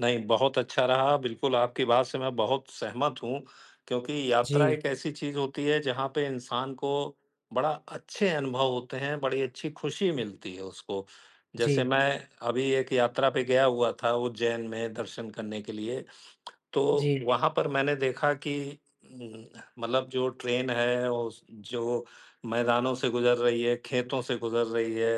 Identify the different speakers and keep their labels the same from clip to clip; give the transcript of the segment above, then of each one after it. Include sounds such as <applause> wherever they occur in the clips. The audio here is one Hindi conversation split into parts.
Speaker 1: नहीं, बहुत अच्छा रहा। बिल्कुल, आपकी बात से मैं बहुत सहमत हूँ, क्योंकि यात्रा
Speaker 2: जी।
Speaker 1: एक ऐसी चीज़ होती है, जहाँ पे इंसान को बड़ा अच्छे अनुभव होते हैं, बड़ी अच्छी खुशी मिलती है उसको। जैसे
Speaker 2: जी।
Speaker 1: मैं अभी एक यात्रा पे गया हुआ था, उज्जैन में दर्शन करने के लिए। तो
Speaker 2: जी।
Speaker 1: वहाँ पर मैंने देखा कि उम, मतलब जो ट्रेन है, ओस जो मैदानों से गुज़र रही है, खेतों से गुज़र रही है,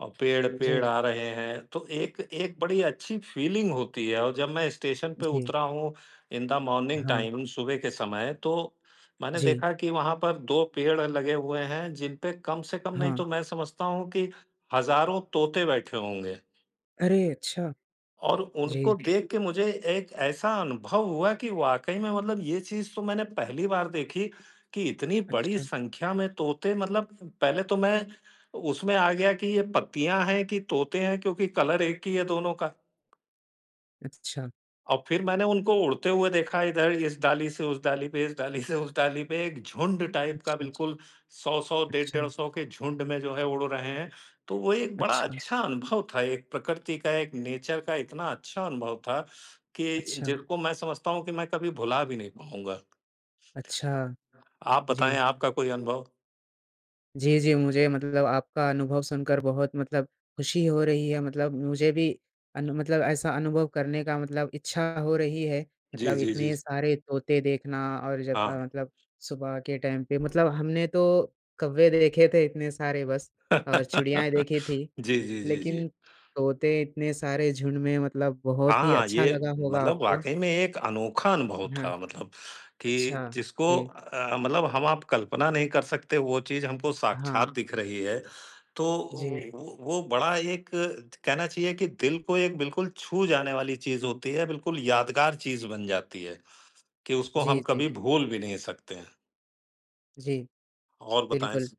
Speaker 1: और पेड़ पेड़
Speaker 2: जी।
Speaker 1: आ रहे हैं, तो एक एक बड़ी अच्छी फ़ीलिंग होती है, और जब मैं स्टेशन पे
Speaker 2: जी।
Speaker 1: उतरा हूँ, इन द मॉर्निंग
Speaker 2: हाँ।
Speaker 1: टाइम, सुबह के समय, तो मैंने
Speaker 2: जी।
Speaker 1: देखा कि वहाँ पर 2 पेड़ लगे हुए हैं, जिन पे कम से कम, नहीं
Speaker 2: हाँ।
Speaker 1: तो मैं समझता हूँ कि हज़ारों तोते बैठे होंगे।
Speaker 2: अरे! अच्छा।
Speaker 1: और उनको
Speaker 2: जी।
Speaker 1: देख के मुझे एक ऐसा अनुभव हुआ कि वाक़ई में, मतलब ये चीज़ तो मैंने पहली बार देखी कि इतनी बड़ी
Speaker 2: अच्छा।
Speaker 1: संख्या में तोते, मतलब पहले तो मैं उसमें आ गया कि ये पत्तियाँ हैं, कि तोते हैं? क्योंकि कलर एक ही है दोनों का।
Speaker 2: अच्छा।
Speaker 1: और फिर मैंने उनको उड़ते हुए देखा, इधर इस डाली से उस डाली पे, इस डाली से उस डाली पे। एक झुंड टाइप का,
Speaker 2: अच्छा।
Speaker 1: बिल्कुल, 100-100 डेढ़
Speaker 2: अच्छा।
Speaker 1: 150 के झुंड में, जो है, उड़ रहे हैं। तो वो एक बड़ा
Speaker 2: अच्छा।
Speaker 1: अच्छा अनुभव था, एक प्रकृति का, एक नेचर का इतना अच्छा अनुभव था कि
Speaker 2: अच्छा।
Speaker 1: जिसको मैं समझता हूँ कि मैं कभी भुला भी नहीं पाऊँगा।
Speaker 2: अच्छा।
Speaker 1: आप बताएँ
Speaker 2: जी।
Speaker 1: आपका कोई अनुभव?
Speaker 2: जी, जी, मुझे मतलब आपका अनुभव सुनकर बहुत मतलब खुशी हो रही है। मतलब मुझे भी अनु मतलब ऐसा अनुभव करने का मतलब इच्छा हो रही है।
Speaker 1: जी,
Speaker 2: मतलब
Speaker 1: जी, जी,
Speaker 2: इतने
Speaker 1: जी।
Speaker 2: सारे तोते देखना और जब अ,
Speaker 1: हाँ।
Speaker 2: मतलब सुबह के टाइम पे। मतलब हमने तो कौवे देखे थे इतने सारे, बस, और चिड़ियाएँ
Speaker 1: <laughs>
Speaker 2: देखी थीं।
Speaker 1: जी, जी, जी,
Speaker 2: लेकिन
Speaker 1: जी।
Speaker 2: तोते इतने सारे झुंड में मतलब बहुत ही
Speaker 1: हाँ,
Speaker 2: अच्छा
Speaker 1: ये
Speaker 2: लगा होगा
Speaker 1: मतलब
Speaker 2: आपको।
Speaker 1: वाक़ई में एक अनोखा अनुभव
Speaker 2: हाँ।
Speaker 1: था। मतलब कि
Speaker 2: अच्छा,
Speaker 1: जिसको
Speaker 2: सही है।
Speaker 1: अ, मतलब हम-आप कल्पना नहीं कर सकते, वो चीज़ हमको
Speaker 2: हाँ।
Speaker 1: साक्षात दिख रही है। तो ओ,
Speaker 2: जी।
Speaker 1: वो वो बड़ा एक त कहना चाहिए कि दिल को एक बिल्कुल छू जाने वाली चीज़ होती है, बिल्कुल यादगार चीज़ बन जाती है कि उसको
Speaker 2: जी,
Speaker 1: हम कभी
Speaker 2: जी।
Speaker 1: भूल भी नहीं सकते हैं।
Speaker 2: जी।
Speaker 1: और बताएँ।
Speaker 2: बिल्कुल।
Speaker 1: स